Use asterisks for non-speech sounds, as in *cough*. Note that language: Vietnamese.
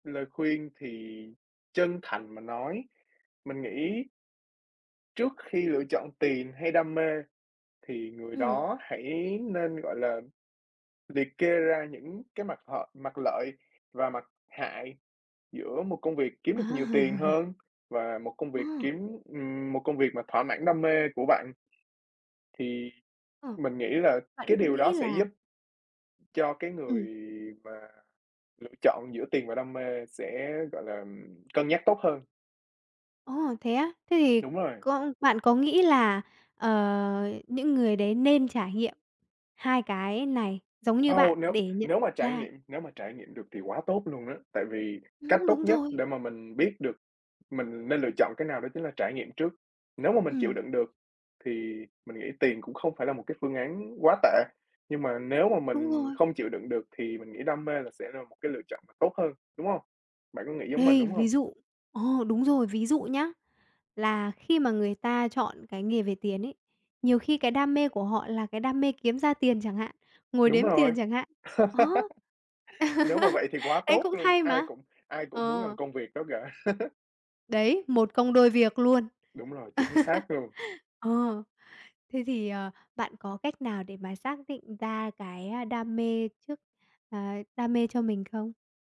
Lời khuyên thì chân thành mà nói mình nghĩ trước khi lựa chọn tiền hay đam mê thì người Ừm. đó hãy nên, gọi là, liệt kê ra những cái mặt h mặt lợi và mặt hại giữa một công việc kiếm được nhiều tiền *chuckles* hơn và một công Ờ. việc kiếm ừm, một công việc mà thỏa mãn đam mê của bạn. Thì Ờ. mình nghĩ là Bạn cái có điều đó nghĩ sẽ là giúp cho cái người Ừm. mà lựa chọn giữa tiền và đam mê sẽ, gọi là, ừm, cân nhắc tốt hơn. Ồ, thế á? Thế thì Đúng rồi. con bạn có nghĩ là, ờ, những người đấy nên trải nghiệm hai cái này giống như Wow! bạn Nếu để nhận nếu mà trải ra nghiệm nếu mà trải nghiệm được thì quá tốt luôn á tại vì cách Ừm, tốt đúng nhất rồi. để mà mình biết được mình nên lựa chọn cái nào đó chính là trải nghiệm trước. Nếu mà mình chịu Ừm. đựng được thì mình nghĩ tiền cũng không phải là một cái phương án quá tệ nhưng mà nếu mà Đúng mình rồi. không chịu đựng được thì mình nghĩ đam mê là sẽ là một cái lựa chọn mà tốt hơn, đúng hông? Bạn có nghĩ giống mình, Đây, đúng hông? ví dụ ờ, đúng rồi, ví dụ nhá, là khi mà người ta chọn cái nghề về tiền ấy, nhiều khi cái đam mê của họ là cái đam mê kiếm ra tiền chẳng hạn, ngồi Đúng đếm rồi. tiền chẳng hạn ờ. *laughs* Nếu mà vậy *chuckles* thì quá Đấy, tốt cũng luôn, hay ai mà! cũng ai cũng muốn làm Ờ. công việc đó cả. *chuckles* Đấy, một công đôi việc luôn. Đúng rồi, chính xác luôn. *chuckles* Ờ. Thế thì, ờ, bạn có cách nào để mà xác định ra cái, a, đam mê trước, ờ, đam mê cho mình không?